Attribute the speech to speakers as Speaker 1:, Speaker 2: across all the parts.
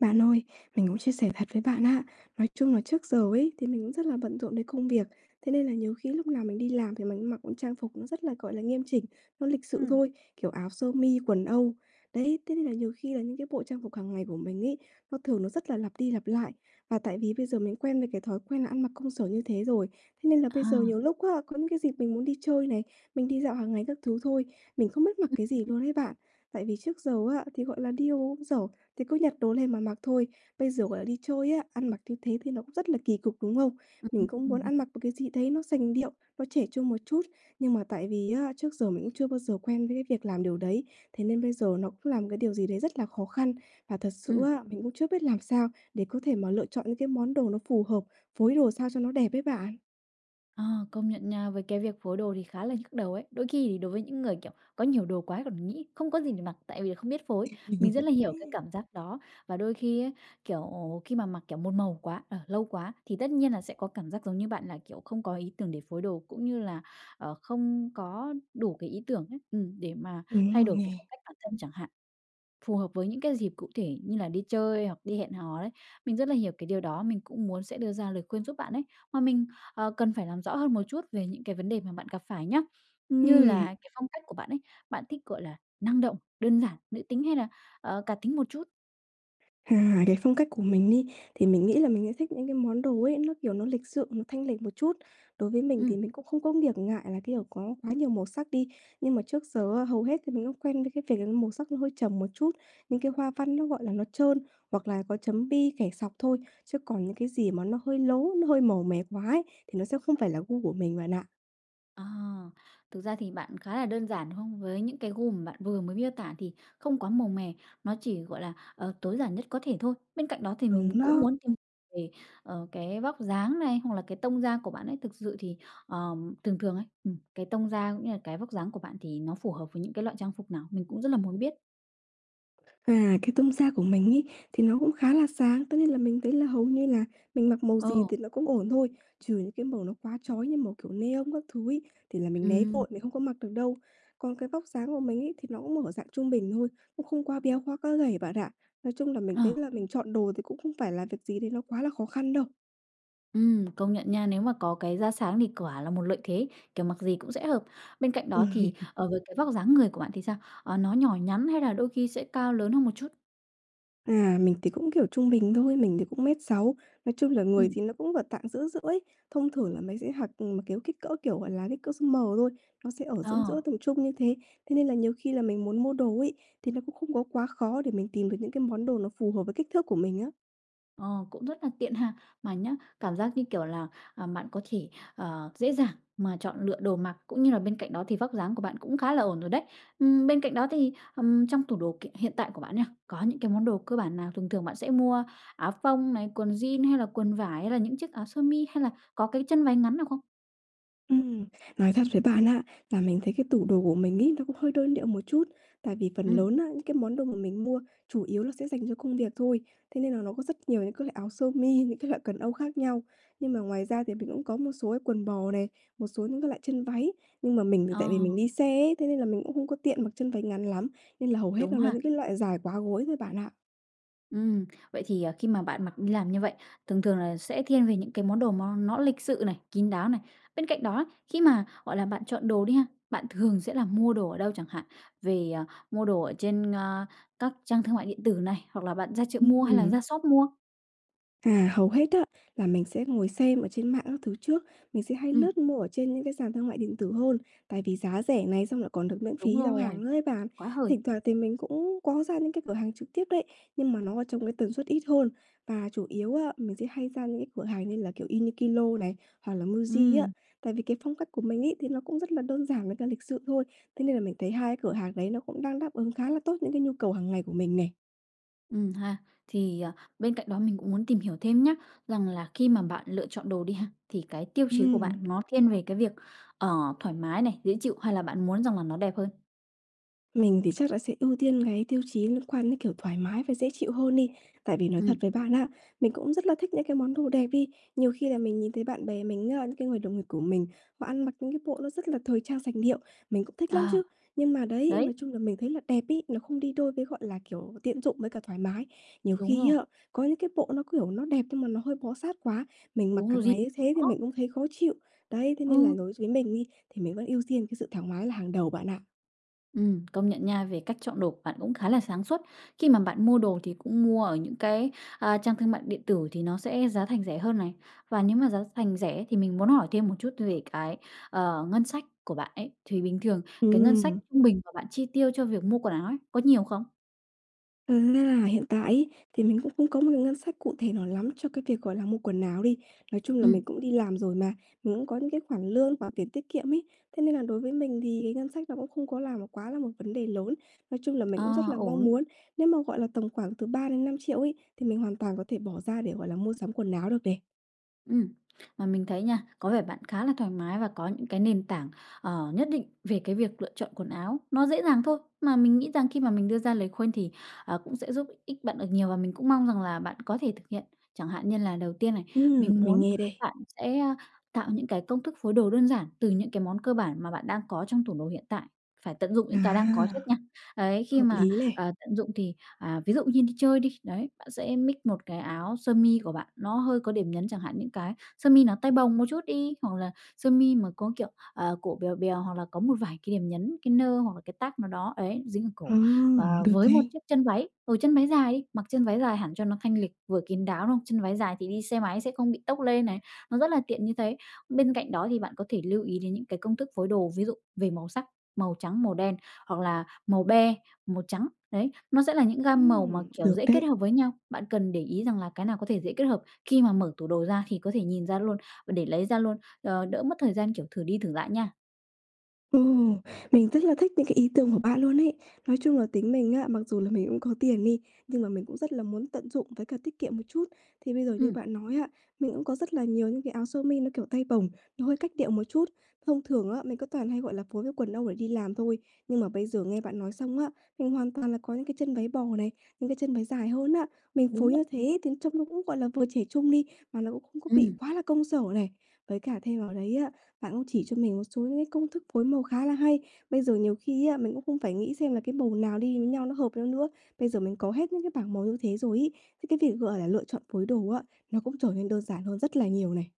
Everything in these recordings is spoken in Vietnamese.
Speaker 1: Bạn ơi, mình cũng chia sẻ thật với bạn á, nói chung là trước giờ ấy thì mình cũng rất là bận rộn đến công việc, thế nên là nhiều khi lúc nào mình đi làm thì mình cũng mặc trang phục nó rất là, gọi là, nghiêm chỉnh, nó lịch sự
Speaker 2: Ừm.
Speaker 1: thôi, kiểu áo sơ mi, quần âu. Đấy, thế nên là nhiều khi là những cái bộ trang phục hàng ngày của mình ấy, nó thường nó rất là lặp đi lặp lại. Và tại vì bây giờ mình quen với cái thói quen là ăn mặc công sở như thế rồi, thế nên là bây giờ
Speaker 2: À.
Speaker 1: nhiều lúc á, có những cái dịp mình muốn đi chơi này, mình đi dạo hàng ngày các thứ thôi, mình không biết mặc
Speaker 2: Ừ.
Speaker 1: cái gì luôn ấy bạn. Tại vì trước giờ á, thì gọi là đi v công sở, thì cứ nhặt đồ lên mà mặc thôi. Bây giờ gọi là đi chơi á, ăn mặc như thế thì nó cũng rất là kỳ cục, đúng không? Mình cũng muốn
Speaker 2: [unintelligible]
Speaker 1: ăn mặc một cái gì đấy nó sành điệu, nó trẻ trung một chút. Nhưng mà tại vì á, trước giờ mình cũng chưa bao giờ quen với cái việc làm điều đấy. Thế nên bây giờ nó cũng là một cái điều gì đấy rất là khó khăn. Và thật sự
Speaker 2: Ừm.
Speaker 1: á, mình cũng chưa biết làm sao để có thể mà lựa chọn những cái món đồ nó phù hợp, phối đồ sao cho nó đẹp ấy bạn.
Speaker 2: Ờ, công nhận nha, với cái việc phối đồ thì khá là nhức đầu ấy. Đôi khi thì đối với những người, kiểu, có nhiều đồ quá còn nghĩ không có gì để mặc, tại vì là không biết phối. Mình rất là hiểu cái cảm giác đó. Và đôi khi á, kiểu, khi mà mặc, kiểu, một màu quá, ờ, lâu quá, thì tất nhiên là sẽ có cảm giác giống như bạn là, kiểu, không có ý tưởng để phối đồ cũng như là, ờ, không có đủ cái ý tưởng ấy, ừm, để mà
Speaker 1: Đúng
Speaker 2: thay
Speaker 1: rồi
Speaker 2: đổi cái
Speaker 1: nè.
Speaker 2: phong cách bản thân chẳng hạn phù hợp với những cái dịp cụ thể như là đi chơi hoặc đi hẹn hò đấy. Mình rất là hiểu cái điều đó, mình cũng muốn sẽ đưa ra lời khuyên giúp bạn ấy. Mà mình, ờ, cần phải làm rõ hơn một chút về những cái vấn đề mà bạn gặp phải nhá. Như là
Speaker 1: Ừm.
Speaker 2: cái phong cách của bạn ấy, bạn thích gọi là năng động, đơn giản, nữ tính hay là, ờ, cá tính một chút?
Speaker 1: À, cái phong cách của mình đi, thì mình nghĩ là mình sẽ thích những cái món đồ ấy, nó kiểu nó lịch sự, nó thanh lịch một chút. Đối với mình thì
Speaker 2: Ừm.
Speaker 1: mình cũng không có việc ngại là cái đồ có quá nhiều màu sắc đi. Nhưng mà trước giờ á, hầu hết thì mình cũng quen với cái việc là màu sắc nó hơi trầm một chút, những cái hoa văn nó, gọi là, nó trơn hoặc là có chấm bi, kẻ sọc thôi. Chứ còn những cái gì mà nó hơi lố, nó hơi màu mè quá ấy, thì nó sẽ không phải là gu của mình bạn ạ.
Speaker 2: À, thực ra thì bạn khá là đơn giản, đúng hông? Với những cái gu mà bạn vừa mới miêu tả thì không quá màu mè, nó chỉ, gọi là, ờ, tối giản nhất có thể thôi. Bên cạnh đó thì mình
Speaker 1: Đúng
Speaker 2: cũng
Speaker 1: đó.
Speaker 2: muốn tìm về, ờ, cái vóc dáng này hoặc là cái tông da của bạn ấy. Thực sự thì, ờ, thường thường ấy, ừm, cái tông da cũng như là cái vóc dáng của bạn thì nó phù hợp với những cái loại trang phục nào? Mình cũng rất là muốn biết.
Speaker 1: À, cái tông da của mình ấy thì nó cũng khá là sáng, tất nhiên là mình thấy là hầu như là mình mặc màu gì
Speaker 2: Ờ.
Speaker 1: thì nó cũng ổn thôi. Trừ những cái màu nó quá chói như màu kiểu neon các thứ ấy, thì là mình né
Speaker 2: Ừm.
Speaker 1: vội, mình không có mặc được đâu. Còn cái vóc dáng của mình ấy, thì nó cũng ở dạng trung bình thôi, cũng không quá béo, quá quá gầy bạn ạ. Nói chung là mình
Speaker 2: Ờ.
Speaker 1: thấy là mình chọn đồ thì cũng không phải là việc gì đấy nó quá là khó khăn đâu.
Speaker 2: Ừm, công nhận nha. Nếu mà có cái da sáng thì quả là một lợi thế, kiểu, mặc gì cũng sẽ hợp. Bên cạnh đó thì,
Speaker 1: Ừm.
Speaker 2: ờ, với cái vóc dáng người của bạn thì sao? Ờ, nó nhỏ nhắn hay là đôi khi sẽ cao lớn hơn một chút?
Speaker 1: À, mình thì cũng, kiểu, trung bình thôi, mình thì cũng 1,6 mét, nói chung là người
Speaker 2: Ừm.
Speaker 1: thì nó cũng vào tạng giữa giữa ấy. Thông thường là mình sẽ mặc, kiểu, kích cỡ, kiểu, gọi là, kích cỡ size M thôi, nó sẽ ở giữa
Speaker 2: Ờ.
Speaker 1: giữa tầm trung như thế. Thế nên là nhiều khi là mình muốn mua đồ ấy, thì nó cũng không có quá khó để mình tìm được những cái món đồ nó phù hợp với kích thước của mình á.
Speaker 2: Ờ, cũng rất là tiện ha. Mà nhá, cảm giác như kiểu là, ờ, bạn có thể, ờ, dễ dàng mà chọn lựa đồ mặc cũng như là bên cạnh đó thì vóc dáng của bạn cũng khá là ổn rồi đấy. Ừm, bên cạnh đó thì, ừm, trong tủ đồ kiện hiện tại của bạn nha, có những cái món đồ cơ bản nào? Thường thường bạn sẽ mua áo phông này, quần jeans hay là quần vải? Hay là những chiếc áo sơ mi hay là có cái chân váy ngắn nào không?
Speaker 1: Ừm, nói thật với bạn á, là mình thấy cái tủ đồ của mình ấy, nó cũng hơi đơn điệu một chút tại vì phần
Speaker 2: Ừm.
Speaker 1: lớn á, những cái món đồ mà mình mua chủ yếu là sẽ dành cho công việc thôi. Thế nên là nó có rất nhiều những cái loại áo sơ mi, những cái loại quần âu khác nhau. Nhưng mà ngoài ra thì mình cũng có một số cái quần bò này, một số những cái loại chân váy. Nhưng mà mình tại vì
Speaker 2: Ờ.
Speaker 1: mình đi xe ấy, thế nên là mình cũng không có tiện mặc chân váy ngắn lắm. Nên là hầu hết nó
Speaker 2: Đúng
Speaker 1: là
Speaker 2: ha.
Speaker 1: những cái loại dài quá gối thôi, bạn ạ.
Speaker 2: Ừm, vậy thì, à, khi mà bạn mặc đi làm như vậy, thường thường là sẽ thiên về những cái món đồ nó nó lịch sự này, kín đáo này. Bên cạnh đó, khi mà, gọi là, bạn chọn đồ đi ha, bạn thường sẽ là mua đồ ở đâu chẳng hạn, về, à, mua đồ ở trên, a, các trang thương mại điện tử này, hoặc là bạn ra chợ mua hay là
Speaker 1: Ừm.
Speaker 2: ra shop mua?
Speaker 1: À, hầu hết á, là mình sẽ ngồi xem ở trên mạng các thứ trước, mình sẽ hay
Speaker 2: Ừm.
Speaker 1: lướt mua ở trên những cái sàn thương mại điện tử hơn, tại vì giá rẻ này xong lại còn được miễn
Speaker 2: Đúng
Speaker 1: phí giao hàng
Speaker 2: rồi,
Speaker 1: nữa ấy bạn.
Speaker 2: quá hời!
Speaker 1: Thỉnh thoảng thì mình cũng có ra những cái cửa hàng trực tiếp đấy, nhưng mà nó ở trong một cái tần suất ít hơn và chủ yếu á, mình sẽ hay ra những cái cửa hàng như là, kiểu, Uniqlo này hoặc là Muji á.
Speaker 2: Ừm.
Speaker 1: Tại vì cái phong cách của mình ấy, thì nó cũng rất là đơn giản với cả lịch sự thôi. Thế nên là mình thấy hai cái cửa hàng đấy nó cũng đang đáp ứng khá là tốt những cái nhu cầu hàng ngày của mình này.
Speaker 2: Ừm ha. Thì, ờ, bên cạnh đó mình cũng muốn tìm hiểu thêm nhá, rằng là khi mà bạn lựa chọn đồ đi ha, thì cái tiêu chí của bạn
Speaker 1: Ừm.
Speaker 2: nó thiên về cái việc, ờ, thoải mái này, dễ chịu, hay là bạn muốn rằng là nó đẹp hơn?
Speaker 1: Mình thì chắc là sẽ ưu tiên cái tiêu chí liên quan đến, kiểu, thoải mái và dễ chịu hơn đi. Tại vì nói thật
Speaker 2: Ừm.
Speaker 1: với bạn á, mình cũng rất là thích những cái món đồ đẹp đi. Nhiều khi là mình nhìn thấy bạn bè mình á, những cái người đồng nghiệp của mình, họ ăn mặc những cái bộ nó rất là thời trang sành điệu, mình cũng thích lắm
Speaker 2: Ờ.
Speaker 1: chứ. Nhưng mà đấy,
Speaker 2: Đấy!
Speaker 1: nói chung là mình thấy là đẹp ấy, nó không đi đôi với, gọi là kiểu, tiện dụng với cả thoải mái. Nhiều
Speaker 2: Đúng
Speaker 1: khi
Speaker 2: rồi.
Speaker 1: á, có những cái bộ nó, kiểu, nó đẹp nhưng mà nó hơi bó sát quá, mình mặc
Speaker 2: Đúng
Speaker 1: cả
Speaker 2: rồi
Speaker 1: ngày như thế
Speaker 2: [unintelligible]
Speaker 1: thì
Speaker 2: đó.
Speaker 1: mình cũng thấy khó chịu. Đấy, thế nên là
Speaker 2: Ừm.
Speaker 1: đối với mình đi, thì mình vẫn ưu tiên cái sự thoải mái là hàng đầu bạn ạ.
Speaker 2: Ừm, công nhận nha, về cách chọn đồ của bạn cũng khá là sáng suốt. Khi mà bạn mua đồ thì cũng mua ở những cái, a, trang thương mại điện tử thì nó sẽ giá thành rẻ hơn này. Và nếu mà giá thành rẻ ấy thì mình muốn hỏi thêm một chút về cái, ờ, ngân sách của bạn ấy. Thì bình thường cái ngân sách
Speaker 1: Ừm.
Speaker 2: trung bình mà bạn chi tiêu cho việc mua quần áo ấy, có nhiều không?
Speaker 1: Ừm, nên là hiện tại ấy, thì mình cũng không có một cái ngân sách cụ thể nào lắm cho cái việc, gọi là, mua quần áo đi. Nói chung là mình
Speaker 2: Ừm.
Speaker 1: cũng đi làm rồi mà, mình cũng có những cái khoản lương hoặc tiền tiết kiệm ấy. Thế nên là đối với mình thì ngân sách nó cũng không có là quá là một vấn đề lớn. Nói chung là mình
Speaker 2: Ờ,
Speaker 1: cũng rất là mong
Speaker 2: ổn.
Speaker 1: muốn, nếu mà gọi là tầm khoảng từ 3.000.000-5.000.000 ấy thì mình hoàn toàn có thể bỏ ra để, gọi là, mua sắm quần áo được này.
Speaker 2: Ừm. Mà mình thấy nha, có vẻ bạn khá là thoải mái và có những cái nền tảng, ờ, nhất định về cái việc lựa chọn quần áo, nó dễ dàng thôi. Mà mình nghĩ rằng khi mà mình đưa ra lời khuyên thì, ờ, cũng sẽ giúp ích bạn được nhiều và mình cũng mong rằng là bạn có thể thực hiện. Chẳng hạn như là đầu tiên này,
Speaker 1: Ừm,
Speaker 2: mình
Speaker 1: mình
Speaker 2: muốn
Speaker 1: nghe đây.
Speaker 2: bạn sẽ, ơ, tạo những cái công thức phối đồ đơn giản từ những cái món cơ bản mà bạn đang có trong tủ đồ hiện tại, phải tận dụng những cái đang có trước
Speaker 1: À.
Speaker 2: nha. Ấy, khi
Speaker 1: Hợp
Speaker 2: mà,
Speaker 1: lý này.
Speaker 2: ờ, tận dụng thì à, ví dụ như đi chơi đi, đấy, bạn sẽ mix một cái áo sơ mi của bạn, nó hơi có điểm nhấn chẳng hạn, những cái sơ mi nó tay bồng một chút đi, hoặc là sơ mi mà có, kiểu, ờ, cổ bèo bèo hoặc là có một vài cái điểm nhấn, cái nơ hoặc là cái tag nào đó, ấy, dính ở cổ, ờ,
Speaker 1: Hừm, được
Speaker 2: với một
Speaker 1: này.
Speaker 2: chiếc chân váy, ừ, chân váy dài đi, mặc chân váy dài hẳn cho nó thanh lịch vừa kín đáo, đúng hông? Chân váy dài thì đi xe máy sẽ không bị tốc lên này, nó rất là tiện như thế. Bên cạnh đó thì bạn có thể lưu ý đến những cái công thức phối đồ, ví dụ về màu sắc, màu trắng, màu đen hoặc là màu be, màu trắng. Đấy. Nó sẽ là những gam màu mà,
Speaker 1: Ừm,
Speaker 2: kiểu,
Speaker 1: được
Speaker 2: dễ kết
Speaker 1: đấy.
Speaker 2: hợp với nhau. Bạn cần để ý rằng là cái nào có thể dễ kết hợp khi mà mở tủ đồ ra thì có thể nhìn ra luôn, và để lấy ra luôn, ờ, đỡ mất thời gian, kiểu, thử đi thử lại nha.
Speaker 1: Ừm, mình rất là thích những cái ý tưởng của bạn luôn ấy. Nói chung là tính mình á, mặc dù là mình cũng có tiền đi, nhưng mà mình cũng rất là muốn tận dụng với cả tiết kiệm một chút. Thì bây giờ như
Speaker 2: Ừm.
Speaker 1: bạn nói á, mình cũng có rất là nhiều những cái áo sơ mi nó kiểu tay bổng, nó hơi cách điệu một chút. Thông thường á, mình cứ toàn hay, gọi là, phối với quần âu để đi làm thôi, nhưng mà bây giờ nghe bạn nói xong á, mình hoàn toàn là có những cái chân váy bò này, những cái chân dài hơn á. Mình
Speaker 2: Đúng
Speaker 1: phối
Speaker 2: r
Speaker 1: như thế thì trông nó cũng, gọi là, vừa trẻ trung đi, mà nó cũng không có bị
Speaker 2: Ừm.
Speaker 1: quá là công sở này. Với cả thêm vào đấy á, bạn cũng chỉ cho mình một số những cái công thức phối màu khá là hay. Bây giờ nhiều khi á, mình cũng không phải nghĩ xem là cái màu nào đi với nhau nó hợp với nhau nữa. Bây giờ mình có hết những cái bảng màu như thế rồi ấy, thế cái việc, gọi là, lựa chọn phối đồ á, nó cũng trở nên đơn giản hơn rất là nhiều này.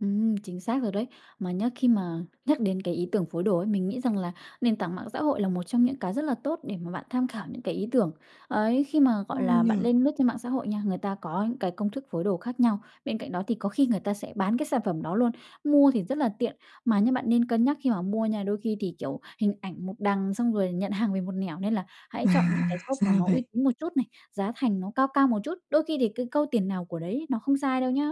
Speaker 2: Ừm, chính xác rồi đấy. Mà nhá, khi mà nhắc đến cái ý tưởng phối đồ ấy, mình nghĩ rằng là nền tảng mạng xã hội là một trong những cái rất là tốt để mà bạn tham khảo những cái ý tưởng. Ấy, khi mà,
Speaker 1: Ừ
Speaker 2: gọi là,
Speaker 1: nhỉ.
Speaker 2: bạn lên lướt trên mạng xã hội nha, người ta có những cái công thức phối đồ khác nhau. Bên cạnh đó thì có khi người ta sẽ bán cái sản phẩm đó luôn, mua thì rất là tiện, mà nhá bạn nên cân nhắc khi mà mua nha. Đôi khi thì, kiểu, hình ảnh một đằng xong rồi nhận hàng về một nẻo nên là hãy
Speaker 1: À,
Speaker 2: chọn những cái shop mà
Speaker 1: ra
Speaker 2: nó uy
Speaker 1: vậy.
Speaker 2: tín một chút này, giá thành nó cao cao một chút. Đôi khi thì cái câu "tiền nào của đấy" nó không sai đâu nhá.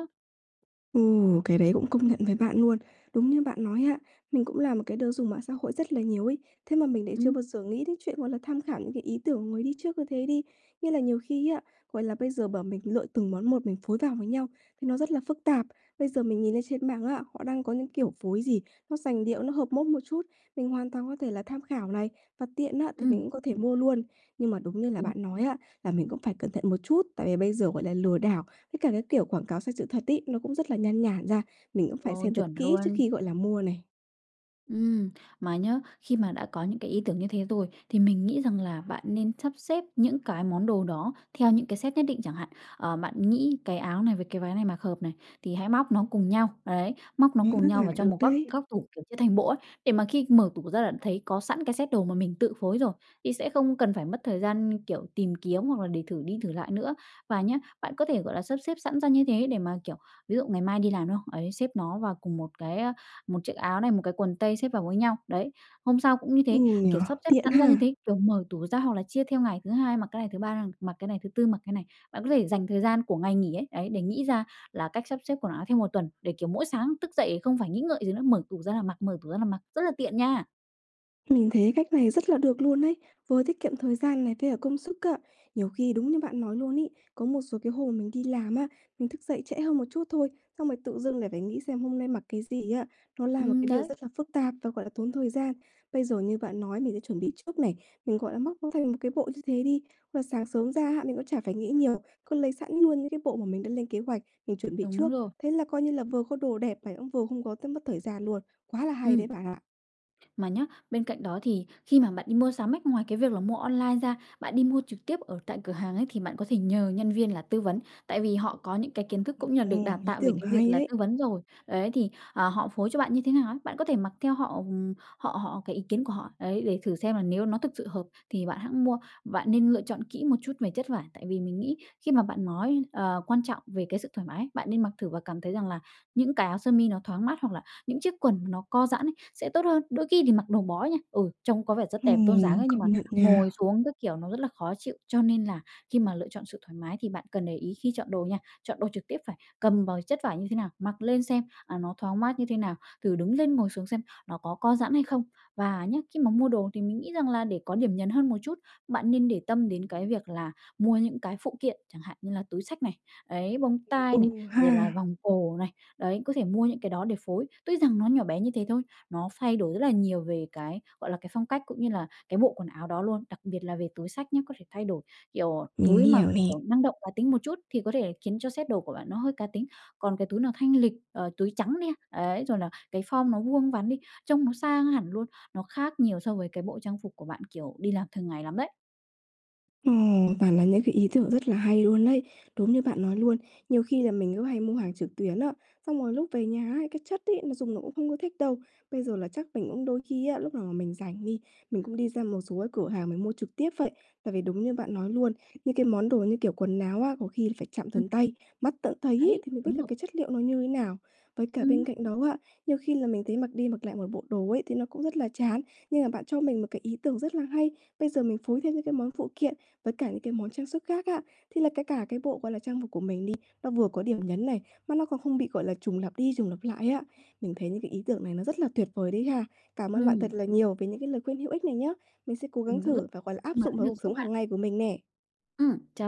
Speaker 1: Ừ, cái đấy cũng công nhận với bạn luôn, đúng như bạn nói á. Mình cũng là một cái đứa dùng mạng xã hội rất là nhiều ấy, thế mà mình lại chưa
Speaker 2: Ừm.
Speaker 1: bao giờ nghĩ đến chuyện, gọi là, tham khảo những cái ý tưởng của người đi trước như thế đi. Nghĩa là nhiều khi á, gọi là, bây giờ bảo mình lựa từng món một mình phối vào với nhau, thì nó rất là phức tạp. Bây giờ mình nhìn lên trên mạng á, họ đang có những kiểu phối gì, nó sành điệu, nó hợp mốt một chút, mình hoàn toàn có thể là tham khảo này, và tiện á thì mình
Speaker 2: Ừm.
Speaker 1: cũng có thể mua luôn. Nhưng mà đúng như là
Speaker 2: Đúng.
Speaker 1: bạn nói á, là mình cũng phải cẩn thận một chút. Tại vì bây giờ, gọi là, lừa đảo, với cả cái kiểu quảng cáo sai sự thật ấy, nó cũng rất là nhan nhản ra, mình cũng phải
Speaker 2: Rồi,
Speaker 1: xem thật
Speaker 2: chuẩn
Speaker 1: kỹ trước
Speaker 2: luôn.
Speaker 1: khi, gọi là, mua này.
Speaker 2: Ừm, mà nhá, khi mà đã có những cái ý tưởng như thế rồi thì mình nghĩ rằng là bạn nên sắp xếp những cái món đồ đó theo những cái set nhất định chẳng hạn. Ờ, bạn nghĩ cái áo này với cái váy này mặc hợp này thì hãy móc nó cùng nhau. Đấy, móc nó
Speaker 1: Nghe
Speaker 2: cùng
Speaker 1: rất
Speaker 2: nhau
Speaker 1: là
Speaker 2: và cho
Speaker 1: được
Speaker 2: một góc
Speaker 1: đấy.
Speaker 2: góc tủ, kiểu, chia thành bộ ấy. Để mà khi mở tủ ra là thấy có sẵn cái set đồ mà mình tự phối rồi thì sẽ không cần phải mất thời gian, kiểu, tìm kiếm hoặc là để thử đi thử lại nữa. Và nhá, bạn có thể, gọi là, sắp xếp sẵn ra như thế để mà, kiểu, ví dụ ngày mai đi làm, đúng không? Ấy, xếp nó vào cùng một cái, à, một chiếc áo này, một cái quần tây xếp vào với nhau. Đấy. Hôm sau cũng như thế,
Speaker 1: Ừm nhỉ.
Speaker 2: kiểu, sắp xếp
Speaker 1: Tiện
Speaker 2: sẵn ra như
Speaker 1: ha!
Speaker 2: thế, kiểu, mở tủ ra hoặc là chia theo ngày thứ Hai mặc cái này, thứ Ba đang mặc cái này, thứ Tư mặc cái này. Bạn có thể dành thời gian của ngày nghỉ ấy, đấy, để nghĩ ra là cách sắp xếp quần áo theo 1 tuần, để, kiểu, mỗi sáng thức dậy không phải nghĩ ngợi gì nữa, mở tủ ra là mặc, mở tủ ra là mặc, rất là tiện, nha.
Speaker 1: Mình thấy cách này rất là được luôn ấy, vừa tiết kiệm thời gian này, với cả công sức á. Nhiều khi đúng như bạn nói luôn ấy, có một số cái hồi mình đi làm á, mình thức dậy trễ hơn một chút thôi, xong rồi tự dưng lại phải nghĩ xem hôm nay mặc cái gì á, nó là một
Speaker 2: Ừm
Speaker 1: cái điều
Speaker 2: đấy.
Speaker 1: rất là phức tạp và, gọi là, tốn thời gian. Bây giờ như bạn nói, mình sẽ chuẩn bị trước này, mình, gọi là, móc theo một cái bộ như thế đi. Và sáng sớm ra hạ, mình cũng chả phải nghĩ nhiều, cứ lấy sẵn luôn những cái bộ mà mình đã lên kế hoạch, mình chuẩn bị
Speaker 2: Đúng
Speaker 1: trước.
Speaker 2: rồi.
Speaker 1: Thế là coi như là vừa có đồ đẹp này, cũng vừa không có tớ mất thời gian luôn. Quá là hay đấy
Speaker 2: Ừm.
Speaker 1: bạn ạ.
Speaker 2: Mà nhá, bên cạnh đó thì khi mà bạn đi mua sắm ấy, ngoài cái việc là mua online ra, bạn đi mua trực tiếp ở tại cửa hàng ấy, thì bạn có thể nhờ nhân viên là tư vấn. Tại vì họ có những cái kiến thức cũng như là được đào
Speaker 1: Ừm, ý
Speaker 2: tạo về
Speaker 1: tưởng
Speaker 2: cái việc
Speaker 1: hay
Speaker 2: là
Speaker 1: đấy.
Speaker 2: tư vấn rồi. Đấy, thì, ờ, họ phối cho bạn như thế nào á, bạn có thể mặc theo họ ừm, họ họ cái ý kiến của họ. Ấy, để thử xem là nếu nó thực sự hợp thì bạn hẵng mua. Bạn nên lựa chọn kỹ một chút về chất vải. Tại vì mình nghĩ khi mà bạn nói, ờ, quan trọng về cái sự thoải mái, bạn nên mặc thử và cảm thấy rằng là những cái áo sơ mi nó thoáng mát hoặc là những chiếc quần mà nó co giãn ấy, sẽ tốt hơn. Đôi khi thì mặc đồ bó nha, ừ, trông có vẻ rất đẹp, tôn dáng
Speaker 1: Ừm,
Speaker 2: ấy, nhưng mà
Speaker 1: công nhận
Speaker 2: ngồi
Speaker 1: nha.
Speaker 2: xuống các kiểu nó rất là khó chịu. Cho nên là khi mà lựa chọn sự thoải mái thì bạn cần để ý khi chọn đồ nha. Chọn đồ trực tiếp phải cầm vào chất vải như thế nào, mặc lên xem, à, nó thoáng mát như thế nào, thử đứng lên ngồi xuống xem nó có co giãn hay không. Và nhá, khi mà mua đồ thì mình nghĩ rằng là để có điểm nhấn hơn một chút, bạn nên để tâm đến cái việc là mua những cái phụ kiện. Chẳng hạn như là túi xách này. Ấy, bông
Speaker 1: Ừ
Speaker 2: tai này, rồi là
Speaker 1: ha.
Speaker 2: vòng cổ này. Đấy, có thể mua những cái đó để phối. Tuy rằng nó nhỏ bé như thế thôi, nó thay đổi rất là nhiều về cái, gọi là, cái phong cách cũng như là cái bộ quần áo đó luôn. Đặc biệt là về túi xách nhá, có thể thay đổi kiểu
Speaker 1: Mình
Speaker 2: túi mà,
Speaker 1: hiểu nè.
Speaker 2: kiểu, năng động, cá tính một chút thì có thể khiến cho set đồ của bạn nó hơi cá tính. Còn cái túi nó thanh lịch, ờ, túi trắng nè, ấy. Rồi là cái form nó vuông vắn đi, trông nó sang hẳn luôn. Nó khác nhiều so với cái bộ trang phục của bạn, kiểu, đi làm thường ngày lắm đấy.
Speaker 1: Ồ, toàn là những cái ý tưởng rất là hay luôn ấy, đúng như bạn nói luôn. Nhiều khi là mình cứ hay mua hàng trực tuyến á, xong rồi lúc về nhà ấy, cái chất ấy nó dùng nó cũng không có thích đâu. Bây giờ là chắc mình cũng đôi khi á, lúc nào mà mình rảnh đi, mình cũng đi ra một số cái cửa hàng mình mua trực tiếp vậy. Tại vì đúng như bạn nói luôn. Những cái món đồ như kiểu quần áo á, có khi là phải chạm
Speaker 2: Ừm.
Speaker 1: tận tay, mắt tận thấy ấy,
Speaker 2: Đấy.
Speaker 1: thì mình biết
Speaker 2: Đúng
Speaker 1: là
Speaker 2: rồi.
Speaker 1: cái chất liệu nó như thế nào. Với cả bên
Speaker 2: Ừm.
Speaker 1: cạnh đó á, nhiều khi là mình thấy mặc đi mặc lại một bộ đồ ấy, thì nó cũng rất là chán. Nhưng mà bạn cho mình một cái ý tưởng rất là hay. Bây giờ mình phối thêm những cái món phụ kiện với cả những cái món trang sức khác á, thế là cái cả cái bộ, gọi là, trang phục của mình đi, nó vừa có điểm nhấn này, mà nó còn không bị, gọi là, trùng lặp đi trùng lặp lại á. Mình thấy những cái ý tưởng này nó rất là tuyệt vời đấy ha. Cảm ơn bạn thật
Speaker 2: Ừm.
Speaker 1: là nhiều về những cái lời khuyên hữu ích này nhá. Mình sẽ cố gắng
Speaker 2: Mình cũng rất
Speaker 1: thử và, gọi là,
Speaker 2: vui
Speaker 1: áp
Speaker 2: khi mà
Speaker 1: dụng
Speaker 2: đã
Speaker 1: vào
Speaker 2: được
Speaker 1: cuộc
Speaker 2: giúp
Speaker 1: sống
Speaker 2: bạn.
Speaker 1: hàng ngày của mình nè.
Speaker 2: Ừm. Chào.